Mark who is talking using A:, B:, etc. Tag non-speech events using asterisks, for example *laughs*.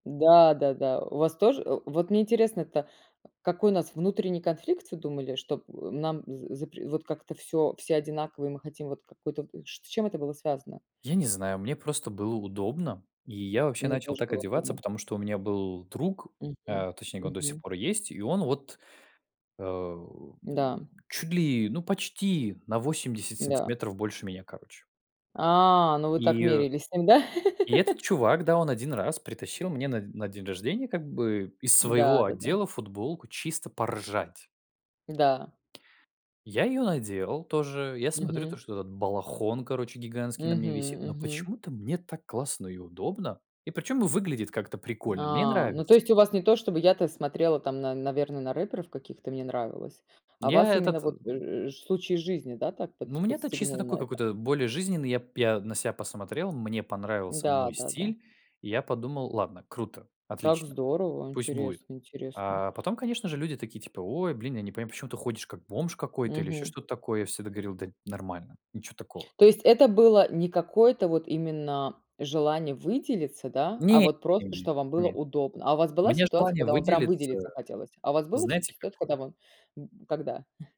A: Да-да-да, у вас тоже, э, вот мне интересно-то, какой у нас внутренний конфликт, всё думали, что, э, нам з запр вот как-то всё все одинаково, и мы хотим вот какую-то, вот ч с чем это было связано?
B: Я не знаю, мне просто было удобно, и я вообще
A: Мне
B: начал
A: тоже
B: так
A: было
B: одеваться,
A: удобно.
B: потому что у меня был друг,
A: Мгм,
B: э, точнее, он до сих
A: мгм.
B: пор есть, и он вот, эм,
A: Да.
B: чуть ли, ну, почти на 80
A: Да.
B: сантиметров больше меня, короче.
A: А, ну, вы так
B: И
A: мерялись с ним, да?
B: И этот
A: *laughs*
B: чувак, да, он один раз притащил мне на на день рождения как бы из своего
A: Да, да-да.
B: отдела футболку чисто поржать.
A: Да.
B: Я её надел тоже. Я смотрю, то
A: Мгм.
B: что этот балахон, короче, гигантский на
A: Мгм
B: мне висит, но
A: мгм.
B: почему-то мне так классно и удобно. И причём выглядит как-то прикольно. Мне
A: А, ну то
B: нравится.
A: есть у вас не то чтобы я-то смотрела, там на наверно, на рэперов каких-то, мне нравилось, а
B: Я
A: вас именно
B: этот, э
A: вот, э, ш случай из жизни, да, так под
B: Ну, мне-то чисто
A: подстегнул
B: такой
A: на это?
B: какой-то более жизненный. Я п я на себя посмотрел, мне понравился
A: Да
B: мой
A: да да.
B: стиль. Я подумал: "Ладно, круто,
A: Как
B: отлично,
A: здорово,
B: пусть будет".
A: интересно интересно.
B: Э, потом, конечно же, люди такие типа: "Ой, блин, я не понимаю, почему ты ходишь как бомж какой-то или ещё
A: Мгм.
B: что-то такое". Я всегда говорил: "Да нормально, ничё такого".
A: То есть это было не какое-то вот именно желание выделиться, да, а
B: Нет
A: вот просто,
B: нет
A: что вам было
B: нет.
A: удобно? А у вас была
B: Мне
A: ситуация,
B: желание
A: когда вам прям
B: выделиться,
A: выделиться хотелось? А у вас было
B: знаете,
A: всё-таки ситуация, когда
B: какое?
A: мы б когда?